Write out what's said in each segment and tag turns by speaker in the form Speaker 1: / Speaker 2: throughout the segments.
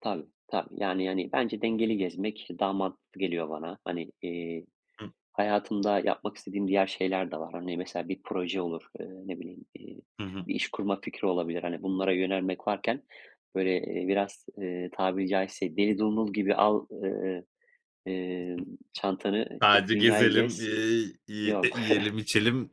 Speaker 1: Tabii, tabii yani, hani, bence dengeli gezmek daha mantıklı geliyor bana. Hani, eee,
Speaker 2: Hıh.
Speaker 1: hayatımda yapmak istediğim diğer şeyler de var. Hani, mesela bir proje olur, ııı, ne bileyim, iii,
Speaker 2: Hı hı.
Speaker 1: bir iş kurma fikri olabilir. Hani, bunlara yönelmek varken, böyle, eee, biraz, eee, tabiri caizse deli dumrul gibi al ııı,
Speaker 2: Hı hı.
Speaker 1: emm, çantanı çık
Speaker 2: Sadece
Speaker 1: dünyayı
Speaker 2: gezelim,
Speaker 1: gez.
Speaker 2: eee, yi
Speaker 1: Yok.
Speaker 2: yiyelim içelim.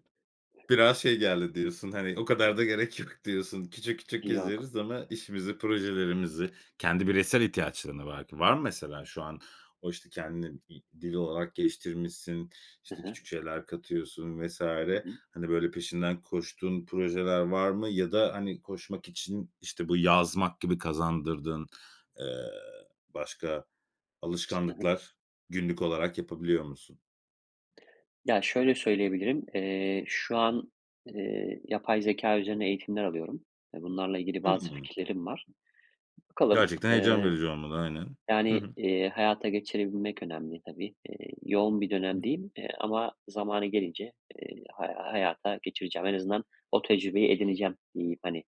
Speaker 2: Biraz şey geldi diyorsun hani, o kadar da gerek yok diyorsun. Küçük, küçük
Speaker 1: Yok.
Speaker 2: gezeriz ama işimizi, projelerimizi kendi bireysel ihtiyaçların da var ki, var mı mesela şu an? O, işte, kendini i dil olarak geliştirmişsin,
Speaker 1: Hı
Speaker 2: işte
Speaker 1: hı.
Speaker 2: küçük şeyler katıyorsun vs.
Speaker 1: Hı hı.
Speaker 2: Hani, böyle peşinden koştuğun projeler var mı, ya da hani koşmak için, işte, bu yazmak gibi kazandırdığın, eee, başka
Speaker 1: S hı hı.
Speaker 2: alışkanlıklar, günlük olarak yapabiliyor musun?
Speaker 1: Ya, şöyle söyleyebilirim, eee, şu an, eee, yapay zekâ üzerine eğitimler alıyorum ve bunlarla ilgili bazı
Speaker 2: Hımm.
Speaker 1: fikirlerim var. Bakalım,
Speaker 2: Gerçekten heyecan
Speaker 1: eee,
Speaker 2: verici olmalı aynen. Hı
Speaker 1: yani,
Speaker 2: hı.
Speaker 1: eee, hayata geçirebilmek önemli tabii. Eee, yoğun bir
Speaker 2: Hı.
Speaker 1: dönemdeyim, eee, ama zamanı gelince, eee, hay hayata geçireceğim. En azından o tecrübeyi edineceğim diyeyim, hani,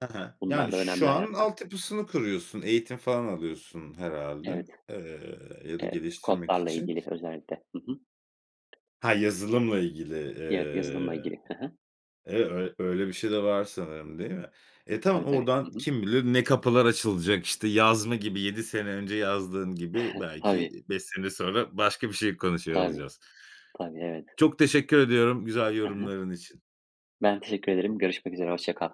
Speaker 2: Ha ha.
Speaker 1: bunlar
Speaker 2: Yani,
Speaker 1: da
Speaker 2: şu
Speaker 1: önemli
Speaker 2: an
Speaker 1: hayatta.
Speaker 2: altyapısını kuruyorsun, eğitim falan alıyorsun herhâlde,
Speaker 1: Evet.
Speaker 2: eee, ya da
Speaker 1: Evet.
Speaker 2: geliştirmek
Speaker 1: Kodlarla
Speaker 2: için.
Speaker 1: ilgili özellikle. Hı hı.
Speaker 2: Ha, yazılımla ilgili,
Speaker 1: Evet, yazılımla
Speaker 2: eee,
Speaker 1: ilgili. Hı hı.
Speaker 2: eve ö öyle bir şey de var sanırım değil mi? E, tamam,
Speaker 1: Tabii tabii.
Speaker 2: oradan
Speaker 1: Hı hı.
Speaker 2: kim bilir ne kapılar açılacak, işte, yazma gibi, 7 sene önce yazdığın gibi, belki
Speaker 1: Tabii.
Speaker 2: 5 sene sonra başka bir şey konuşuyor
Speaker 1: Tabii,
Speaker 2: olacağız.
Speaker 1: tabii, evet.
Speaker 2: Çok teşekkür ediyorum güzel
Speaker 1: Hı hı.
Speaker 2: yorumların için.
Speaker 1: Ben teşekkür ederim görüşmek üzere hoşça kal.